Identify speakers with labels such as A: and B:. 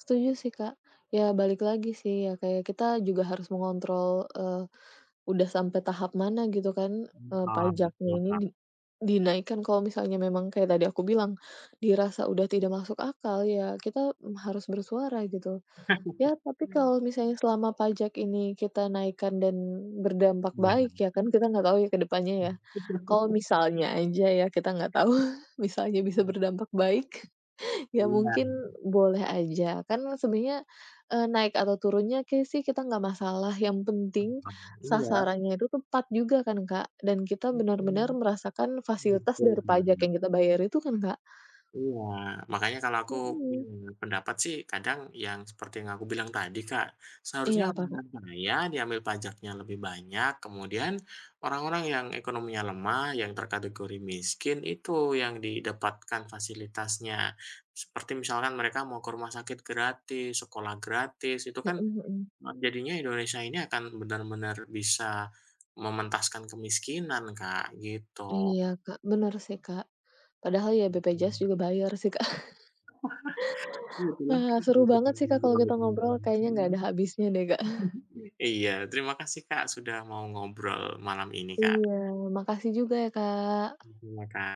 A: Setuju sih, Kak. Ya balik lagi sih, ya kayak kita juga harus mengontrol, eee, udah sampai tahap mana gitu kan,
B: Hmm,
A: eee,
B: paham gitu
A: pajaknya ini
B: kan.
A: di dinaikkan kalau misalnya memang kayak tadi aku bilang, dirasa udah tidak masuk akal, ya kita harus bersuara, gitu. Ya tapi kalau misalnya selama pajak ini kita naikkan dan berdampak baik
B: Iya.
A: ya kan, kita nggak tahu ya ke depannya ya,
B: Hmm.
A: kalau misalnya aja ya kita nggak tahu, bisa aja bisa berdampak baik, ya
B: Emang.
A: mungkin boleh aja. Kan sebenarnya, eee, naik atau turunnya kayaknya sih kita nggak masalah, yang penting
B: [unintelligible] Iya.
A: sasarannya itu tepat juga kan Kak, dan kita benar-benar
B: Mhm.
A: merasakan fasilitas
B: Betul
A: dari pajak
B: banget.
A: yang kita bayar itu kan, Kak?
B: Iya, makanya kalau aku
A: Mhm.
B: punya pendapat sih kadang yang seperti yang aku bilang tadi, Kak.
A: Iya,
B: Seharusnya
A: apa
B: orang
A: Kak?
B: yang kaya diambil pajaknya lebih banyak, kemudian orang-orang yang ekonominya lemah, yang terkategori miskin, itu yang didapatkan fasilitasnya. Seperti misalnya mereka mau ke rumah sakit gratis, sekolah gratis, itu
A: Mhm
B: kan
A: mhm.
B: m jadinya Indonesia ini akan benar-benar bisa mementaskan kemiskinan Kak, gitu.
A: Iya Kak, bener sih, Kak. Padahal ya BPJS
B: Mhm.
A: juga bayar sih, Kak.
B: Iya tuh kan. [unintelligible]
A: Wah seru banget sih Kak kalau kita ngobrol, kayaknya nggak ada habisnya deh, Kak.
B: Iya, terima kasih Kak sudah mau ngobrol malam ini, Kak.
A: Iya, makasih juga ya, Kak.
B: Thank you ya, Kak.